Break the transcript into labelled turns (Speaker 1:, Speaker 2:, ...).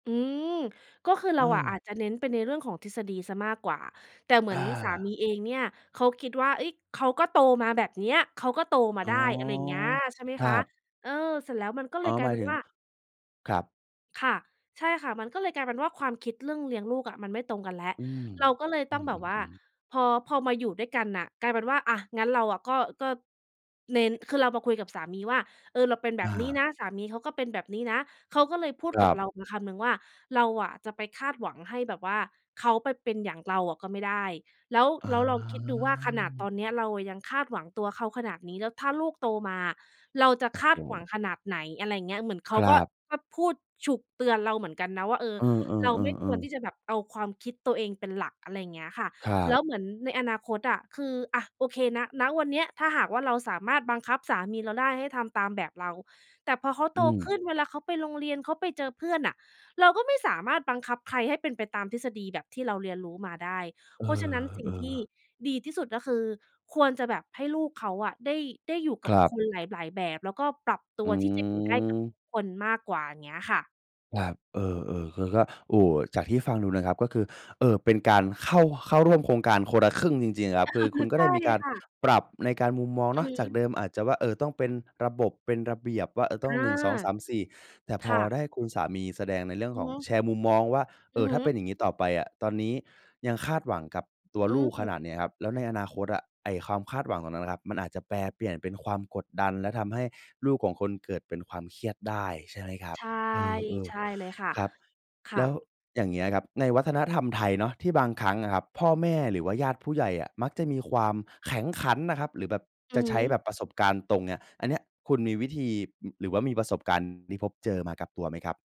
Speaker 1: อืม ก็คือเร
Speaker 2: เอ
Speaker 1: าอ่ะ
Speaker 2: อ
Speaker 1: อาจจะเน้นไปในเรื่องของทฤษฎีเสียมากกว่า แต่เหมื
Speaker 2: อ
Speaker 1: อนสา
Speaker 2: า
Speaker 1: มีเองเนี่ย เขาคิดว่า เฮ้ย! เขาก็โตมาแบบเนี้ย เขาก็โตมา
Speaker 2: อ๋
Speaker 1: ไ
Speaker 2: อ
Speaker 1: ด้ อะไรอย่างเงี้ย ใช่ไหม
Speaker 2: คร
Speaker 1: ค
Speaker 2: ั
Speaker 1: ะ
Speaker 2: บ
Speaker 1: เออ เสร็จแล้วมันก็เ
Speaker 2: อ
Speaker 1: ล
Speaker 2: ๋อ
Speaker 1: ยกล
Speaker 2: ห
Speaker 1: า
Speaker 2: ม
Speaker 1: ย
Speaker 2: า
Speaker 1: เ
Speaker 2: ย
Speaker 1: ป็
Speaker 2: ถ
Speaker 1: น
Speaker 2: ึง
Speaker 1: ว่า
Speaker 2: ครับ
Speaker 1: ค่ะ ใช่ค่ะ มันก็เลยกลายเป็นว่าความคิดเรื่องเลี้ยงลูกอ่ะ มันไม่ตรงกันแล้ว
Speaker 2: อืม
Speaker 1: เราก็เลย
Speaker 2: อ
Speaker 1: ต
Speaker 2: ื
Speaker 1: ้องแบบว่า
Speaker 2: ม ๆ ๆ
Speaker 1: พอ พอมาอยู่ด้วยกันน่ะ กลายเป็นว่า อะ งั้นเราอะก็ ก็ เน้น คือเรามาคุยกับสามีว่า เออ เราเป็นแบ
Speaker 2: อ
Speaker 1: บนี้
Speaker 2: า
Speaker 1: นะ สามีเขาก็เป็นแบบนี้นะ เขาก็เลยพูด
Speaker 2: คร
Speaker 1: กับ
Speaker 2: ั
Speaker 1: เ
Speaker 2: บ
Speaker 1: รามาคำหนึ่งว่า เราอะจะไปคาดหวังให้แบบว่าเขาไปเป็นอย่างเราอะก็ไม่ได้ แล้ว
Speaker 2: อ
Speaker 1: แล้วลองคิดดูว่าขนาดต
Speaker 2: า
Speaker 1: อนเนี้ย เราอะยังคาดหวังตัวเขาขนาดนี้ แล้วถ้าลูกโตมา เราจะ
Speaker 2: โอ้
Speaker 1: ค
Speaker 2: โ
Speaker 1: าดหวั
Speaker 2: ฮ
Speaker 1: งขนาดไหน อะไรอย่างเงี้ย เหมือนเขา
Speaker 2: คร
Speaker 1: ก็
Speaker 2: ับ
Speaker 1: ก็พูดฉุก เตือนเราเหมือนกันนะว่า เออ
Speaker 2: เออ
Speaker 1: เราไม่ควร
Speaker 2: ๆ ๆ
Speaker 1: ท
Speaker 2: ๆ
Speaker 1: ี่จะแบบเอาความคิดตัวเองเป็นหลัก อะไรอย่างเงี้ยอะค่ะ
Speaker 2: ครั
Speaker 1: แล
Speaker 2: บ
Speaker 1: ้วเหมือนในอนาคตอะ คือ อะ โอเค ณ ณ วันเนี้ยถ้าหากว่าเราสามารถบังคับสามีเราได้ ให้ทำตามแบบเรา แต่พอเขา
Speaker 2: อ
Speaker 1: โต
Speaker 2: ื
Speaker 1: ข
Speaker 2: ม
Speaker 1: ึ้น เวลาเขาไปโรงเรียน เขาไปเจอเพื่อนอะ เราก็ไม่สามารถบังคับใครให้เป็นไปตามทฤษฎีแบบที่เราเรียนรู้มาได้
Speaker 2: เออ
Speaker 1: เพราะฉะนั้น สิ่
Speaker 2: เอ
Speaker 1: งที่
Speaker 2: อ
Speaker 1: ดีที่สุดก็คือ ควรจะแบบให้ลูกเขาอะได้ ได้อยู่ก
Speaker 2: ค
Speaker 1: ับ
Speaker 2: รับ
Speaker 1: คนหลาย ๆ แบบ แล้วก็ปรับต
Speaker 2: อ
Speaker 1: ั
Speaker 2: ื
Speaker 1: วที่จะอยู่ได้กับ
Speaker 2: ม
Speaker 1: ทุกคนมากกว่า เงี้ยค่ะ
Speaker 2: ครับ เออ ๆ คือก็ โอ้โฮ จากที่ฟังดูนะครับ ก็คือ เอ่อ เป็นการเข้า เข้าร่วมโครงการคนละครึ่งจริง ๆ ครับ คือคุณก็
Speaker 1: ใช
Speaker 2: ได
Speaker 1: ่
Speaker 2: ้มีการ
Speaker 1: ค่ะ
Speaker 2: ปรับในการมุมมองเ
Speaker 1: อ
Speaker 2: นา
Speaker 1: ื
Speaker 2: ะ
Speaker 1: อฮ
Speaker 2: จาก
Speaker 1: ึ
Speaker 2: เดิมอาจจะว่า เออ ต้องเป็นระบบ เป็นระเบียบ ว่า เออ ต้
Speaker 1: อ
Speaker 2: อง
Speaker 1: า
Speaker 2: 1 2 3 4 แต่
Speaker 1: ค
Speaker 2: พอ
Speaker 1: ่ะ
Speaker 2: ได้คุณสามีแสดงในเรื่อง
Speaker 1: อื
Speaker 2: ข
Speaker 1: อ
Speaker 2: อง
Speaker 1: ฮึ
Speaker 2: แชร์มุมมองว่า เอ
Speaker 1: อือ
Speaker 2: อ ถ
Speaker 1: ฮ
Speaker 2: ้
Speaker 1: ึ
Speaker 2: าเป็นอย่างงี้ต่อไปอะ ตอนนี้ยังคาดหวังกับตัว
Speaker 1: อื
Speaker 2: ลูกขน
Speaker 1: ม
Speaker 2: าดนี้ครับ แล้วในอนาคตอะ ไอ้ความคาดหวังตรงนั้นนะครับ มันอาจจะแปรเปลี่ยนเป็นความกดดัน และทำให้ลูกของคนเกิดเป็นความเครียดได้ ใช่ไหมครับ
Speaker 1: ใช่
Speaker 2: เออ
Speaker 1: ใช่เลยค่ะ
Speaker 2: ๆ ครับ
Speaker 1: ค
Speaker 2: แ
Speaker 1: ่
Speaker 2: ล้ว
Speaker 1: ะ
Speaker 2: อย่างเงี้ยครับ ในวัฒนธรรมไทยเนาะ ที่บางครั้งอะครับ พ่อแม่หรือว่าญาติผู้ใหญ่อะ มักจะมีความแข็งขันนะครับ หรือแบบ
Speaker 1: อื
Speaker 2: จะ
Speaker 1: อ
Speaker 2: ใช้
Speaker 1: ฮึ
Speaker 2: แบบประสบการณ์ตรงเนี่ย อันเนี้ย คุณมีวิธี อ หรือว่ามีประสบการณ์ที่พบเจอมากับตัวไหมครับ?